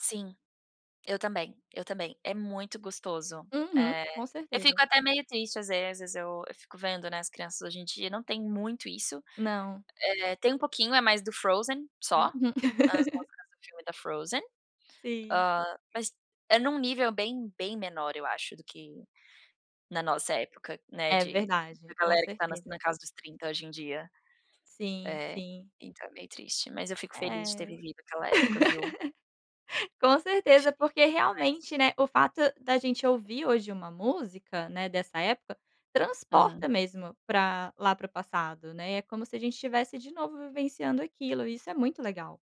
Sim, eu também, eu também, é muito gostoso. Uhum, É, com eu fico certeza. até meio triste às vezes, eu fico vendo, né, as crianças hoje em dia, não tem muito isso. Não. É, tem um pouquinho, é mais do Frozen só, Uhum. as músicas do filme da Frozen. Sim. Hã, mas é num nível bem, bem menor, eu acho do que, na nossa época, né, É de da verdade, com galera que, está na na certeza. casa dos 30 hoje em dia. Sim, É, sim. então é meio triste, mas eu fico É, feliz, de ter vivido aquela época, viu? com certeza, porque Fico, demais. realmente, né, o fato da gente ouvir hoje uma música, né, dessa época, Aham. transporta mesmo, para lá para o passado, né, é como se a gente estivesse, de novo vivenciando aquilo, e isso é muito legal.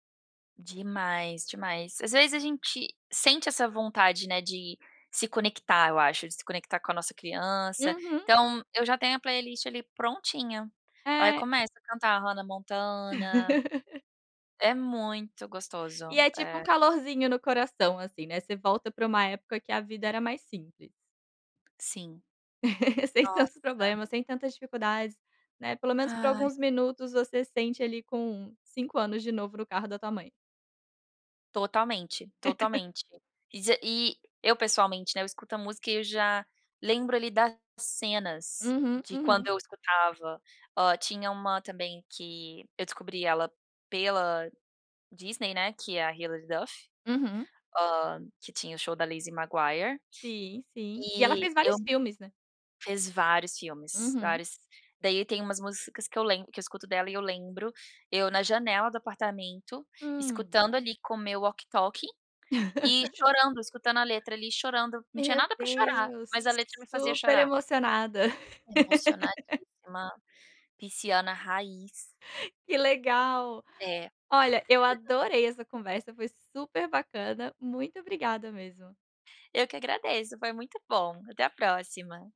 Demais, demais. Às vezes a gente, sente essa vontade, né, de se conectar eu acho, de se conectar, com a nossa criança, Uhum. então, eu já tenho a playlist ali prontinha. Ai É. começo a cantar a Hanna Montana, é muito E gostoso, é tipo um é. calorzinho no coração, assim, né, você volta para uma época, que a vida era mais simples. Sim, Sem tantos nossa. problemas, sem tantas dificuldades, né, pelo menos por Ai. alguns minutos, você sente ali com, 5 anos de novo, no carro da tua mãe. Totalmente, totalmente. E z e, eu pessoalmente, né, eu escuto a música, e eu já, lembro ali, das cenas Uhum, de quando uhum. eu escutava. Hã, tinha uma também, que eu descobri ela, pela Disney, né, que é a Hillard Duff, Uhum. hã, que tinha o show da Lizzy Maguire, Sim, sim e ela e fez eu vários filmes, né? fiz vários filmes, Uhum. vários. Daí tem umas músicas, que eu lembro que eu escuto dela e eu lembro eu na janela do apartamento, Hum. escutando ali com o meu walkie talkie e chorando, escutando a letra ali chorando, não tinha Meu nada pra chorar, Deus, mas a letra me fazia super chorar. emocionada. Emocionadíssima, pisciana raiz. Que legal. É. Olha, eu adorei essa conversa, foi super bacana, muito obrigada mesmo. Eu que agradeço, foi muito bom. Até a próxima.